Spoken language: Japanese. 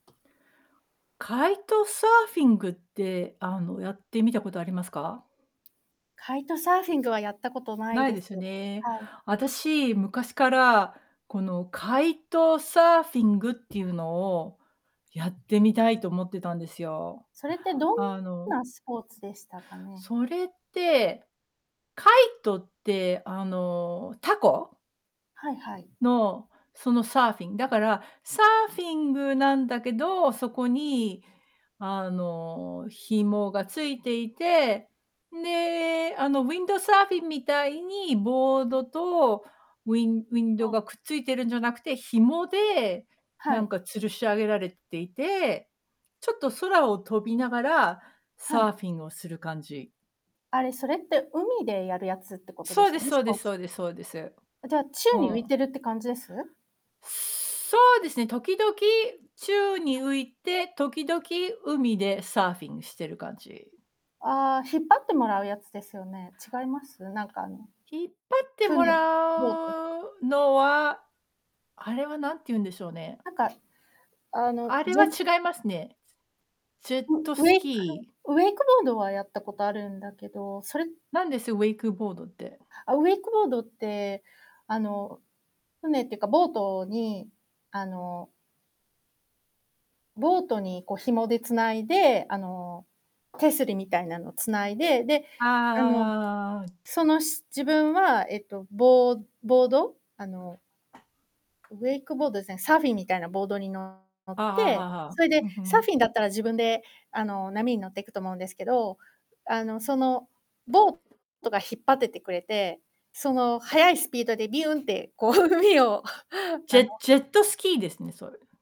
カイトサーフィングって、あの、やってみたことありますか？カイトサーフィングはやったことないないでです。すよね。はい。私、昔から、このカイトサーフィングっていうのを、やってみたいと思ってたんですよ。それってどんあのなスポーツでしたかね？それって、カイトってあの、凧はいはい。の、そのサーフィン、だから、サーフィングなんだけど、そこに、あの、紐が付いていて、んで、あの、ウィンドサーフィンみたいに、ボードと、ウィンウィンドあ。がくっついてるんじゃなくて、紐で、はなんい。か吊るし上げられていて、ちょっと空を飛びながら、はサーい。フィンをする感じ。あれ、それって、海でやるやつってことでそうすでよすね？そスうでポすーそツ。うですそうです。あ、じゃあ、宙ふに浮いん。てるって感じです？そうですね、時々、宙に [unintelligible] 浮いて、時々海でサーフィンしてる感じ。ああ、引っ張ってもらうやつですよね。違います？なんかあの、引っ張ってもら船、ボートうのは、あれはなんていうんでしょうね。なんか、あの、あれぜは違いますね。ジェッウトウスェイクキー。ウェイクボードはやったことあるんだけど、それなんです？ウェイクボードって。あ、ウェイクボードって、あの、船ってか、ボートに、あのボートにこう紐でつないで、あの、手すりみたいなの繋いで、で、あの、ああ。その、し自分はえっと、ボボード、あのウェイクボードですね、サーフィンみたいなボードにの乗っああああ、はて、あはあ。それで、うふサーん。フィンだったら自分であの、波に乗っていくと思うんですけど、あの、そのボートが引っ張っててくれて、その、速いスピードでビュンって、こう、海を ジあのェジェットスキーですね、それ。